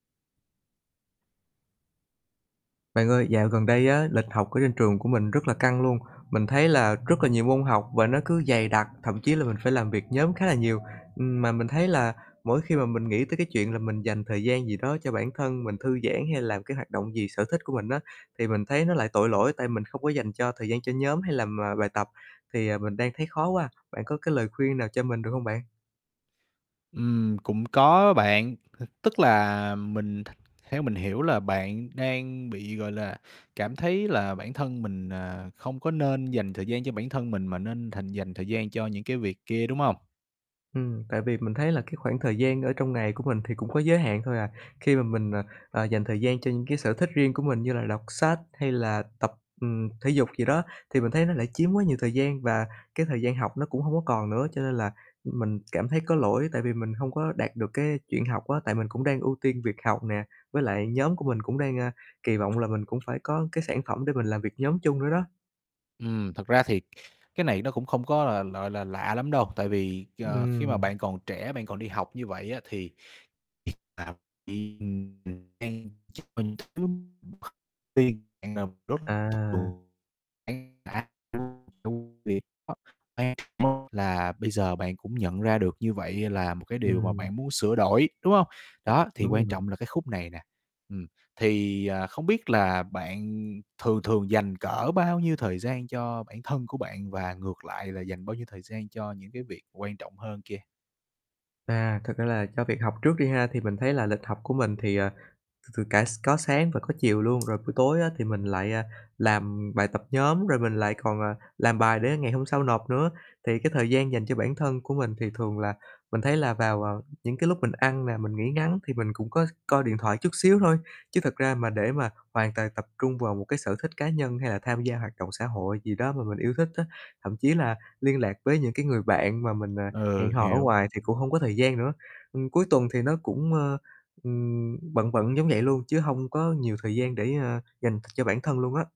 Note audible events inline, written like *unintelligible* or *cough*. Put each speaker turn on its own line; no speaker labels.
Bạn ơi, dạo gần đây á, lịch học ở trên trường của mình rất là căng luôn, mình thấy là rất là nhiều môn học và nó cứ dày đặc, thậm chí là mình phải làm việc nhóm khá là nhiều. Ừm, mà mình thấy là mỗi khi mà mình nghĩ tới cái chuyện là mình dành thời gian gì đó cho bản thân mình thư giãn hay làm cái hoạt động gì sở thích của mình á, thì mình thấy nó lại tội lỗi tại mình không có dành cho thời gian cho nhóm hay làm, à, bài tập. Thì, à, mình đang thấy khó quá, bạn có cái lời khuyên nào cho mình được hông bạn?
Ừm. Cũng có á bạn, *chuckles* tức là mình th theo mình hiểu là bạn đang bị, gọi là, cảm thấy là bản thân mình, à, không có nên dành thời gian cho bản thân mình mà nên thành dành thời gian cho những cái việc kia, đúng hông?
Ừm, tại vì mình thấy là cái khoảng thời gian ở trong ngày của mình thì cũng có giới hạn thôi à. Khi mà mình, ờ, ờ, dành thời gian cho những cái sở thích riêng của mình như là đọc sách hay là tập, ừm, thể dục gì đó thì mình thấy nó lại chiếm quá nhiều thời gian và cái thời gian học nó cũng hông có còn nữa, cho nên là, ừm, mình cảm thấy có lỗi. Tại vì mình hông có đạt được cái chuyện học á, tại mình cũng đang ưu tiên việc học nè, với lại nhóm của mình cũng đang, à, kỳ vọng là mình cũng phải có cái sản phẩm để mình làm việc nhóm chung nữa đó.
Ừm, thật ra thì cái này nó cũng không có là, gọi là, lạ lắm đâu, tại vì, ờ, khi mà
Ừm.
bạn còn trẻ, bạn còn đi học như vậy á thì
À.
*unintelligible* là bây giờ bạn cũng nhận ra được như vậy là một cái điều mà
Ừm.
bạn muốn sửa đổi, đúng hông? Đó, thì
Đúng rồi
quan
bạn.
trọng là cái khúc này nè. Ừm, thì, à, không biết là bạn thường thường dành cỡ bao nhiêu thời gian cho bản thân của bạn và ngược lại là dành bao nhiêu thời gian cho những cái việc quan trọng hơn kia?
À, thật ra là cho việc học trước đi ha, thì mình thấy là lịch học của mình thì, à, từ từ cả s có sáng và có chiều luôn. Rồi buổi tối á thì mình lại, à, làm bài tập nhóm rồi mình lại còn, à, làm bài để ngày hôm sau nộp nữa, thì cái thời gian dành cho bản thân của mình. Thì thường là mình thấy là vào, à, những cái lúc mình ăn nè, mình nghỉ ngắn thì mình cũng có coi điện thoại chút xíu thôi, chứ thật ra mà để mà hoàn toàn tập trung vào một cái sở thích cá nhân hay là tham gia hoạt động xã hội gì đó mà mình yêu thích á. Thậm chí là liên lạc với những cái người bạn mà mình, à, hẹn
Ừ,
hò ở
hiểu.
ngoài thì cũng hông có thời gian nữa. Ừm, cuối tuần thì nó cũng, ơ, ừm, bận bận giống vậy luôn chứ hông có nhiều thời gian để, ơ, dành cho bản thân luôn á.